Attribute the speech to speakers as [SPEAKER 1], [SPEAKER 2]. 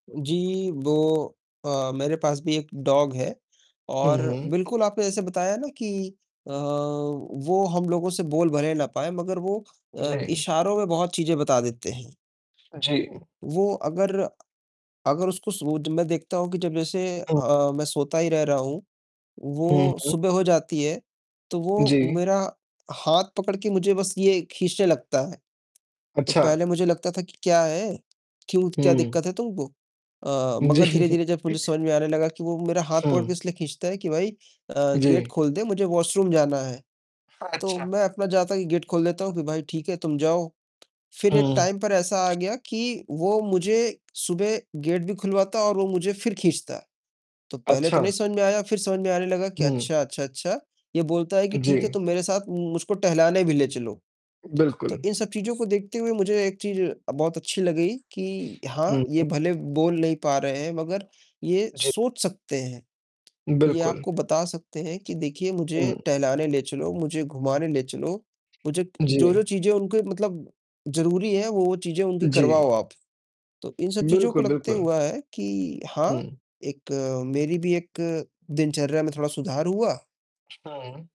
[SPEAKER 1] जी, वो अ, मेरे पास भी एक डॉग है,
[SPEAKER 2] हुँ,
[SPEAKER 1] और
[SPEAKER 2] हुँ।
[SPEAKER 1] बिल्कुल आपने जैसे बताया ना कि अ, वो हम लोगों से बोल भले ना पाए मगर वो अ,
[SPEAKER 2] जी।
[SPEAKER 1] इशारों में बहुत चीज़ें बता देते हैं।
[SPEAKER 2] जी।
[SPEAKER 1] वो अगर, अगर उसको सुब जब मैं देखता हूँ कि जब जैसे
[SPEAKER 2] हुँ।
[SPEAKER 1] अ, मैं सोता ही रह रहा हूँ,
[SPEAKER 2] हुँ,
[SPEAKER 1] वो
[SPEAKER 2] हुँ।
[SPEAKER 1] सुबह हो जाती है, तो वो
[SPEAKER 2] जी।
[SPEAKER 1] मेरा हाथ पकड़ के मुझे बस ये खींचने लगता है। तो
[SPEAKER 2] अच्छा।
[SPEAKER 1] पहले मुझे लगता था कि क्या है, क्यों क्या
[SPEAKER 2] हुँ।
[SPEAKER 1] दिक्कत है तुमको, अ, मगर
[SPEAKER 2] जी।
[SPEAKER 1] धीरे-धीरे जब मुझे समझ में आने लगा कि वो मेरा हाथ पकड़ के
[SPEAKER 2] हुँ।
[SPEAKER 1] इसलिए खींचता है कि भाई अ, गेट
[SPEAKER 2] जी।
[SPEAKER 1] खोल दे, मुझे वॉशरूम जाना है। तो
[SPEAKER 2] अच्छा।
[SPEAKER 1] मैं अपना जाता कि गेट खोल देता हूँ कि भाई ठीक है, तुम जाओ। फिर एक
[SPEAKER 2] हुँ।
[SPEAKER 1] टाइम पर ऐसा आ गया कि वो मुझे सुबह गेट भी खुलवाता और वो मुझे फिर खींचता है। तो पहले तो नहीं
[SPEAKER 2] अच्छा।
[SPEAKER 1] समझ में आया, फिर समझ में आने लगा कि
[SPEAKER 2] हुँ।
[SPEAKER 1] अच्छा, अच्छा, अच्छा ये बोलता है कि ठीक है,
[SPEAKER 2] जी।
[SPEAKER 1] तू मेरे साथ उम, मुझको टहलाने भी ले चलो। तो
[SPEAKER 2] बिल्कुल।
[SPEAKER 1] इन सब चीज़ों को देखते हुए मुझे एक चीज़ अ, बहुत अच्छी लगी कि हाँ,
[SPEAKER 2] हुँ, हुँ।
[SPEAKER 1] ये भले बोल नहीं पा रहे हैं, मगर ये
[SPEAKER 2] जी।
[SPEAKER 1] सोच सकते हैं। ये
[SPEAKER 2] बिल्कुल।
[SPEAKER 1] आपको बता सकते हैं कि देखिए मुझे
[SPEAKER 2] हुँ।
[SPEAKER 1] टहलाने ले चलो, मुझे घुमाने ले चलो। मुझे
[SPEAKER 2] जी।
[SPEAKER 1] जो-जो चीज़ें उनके मतलब ज़रूरी है, वो-वो चीज़ें उनकी करवाओ
[SPEAKER 2] जी।
[SPEAKER 1] आप। तो इन सब चीज़ों को
[SPEAKER 2] बिल्कुल,
[SPEAKER 1] लगते
[SPEAKER 2] बिल्कुल।
[SPEAKER 1] हुआ है कि हाँ,
[SPEAKER 2] हुँ।
[SPEAKER 1] एक मेरी भी एक दिनचर्या में थोड़ा सुधार हुआ।
[SPEAKER 2] हुँ।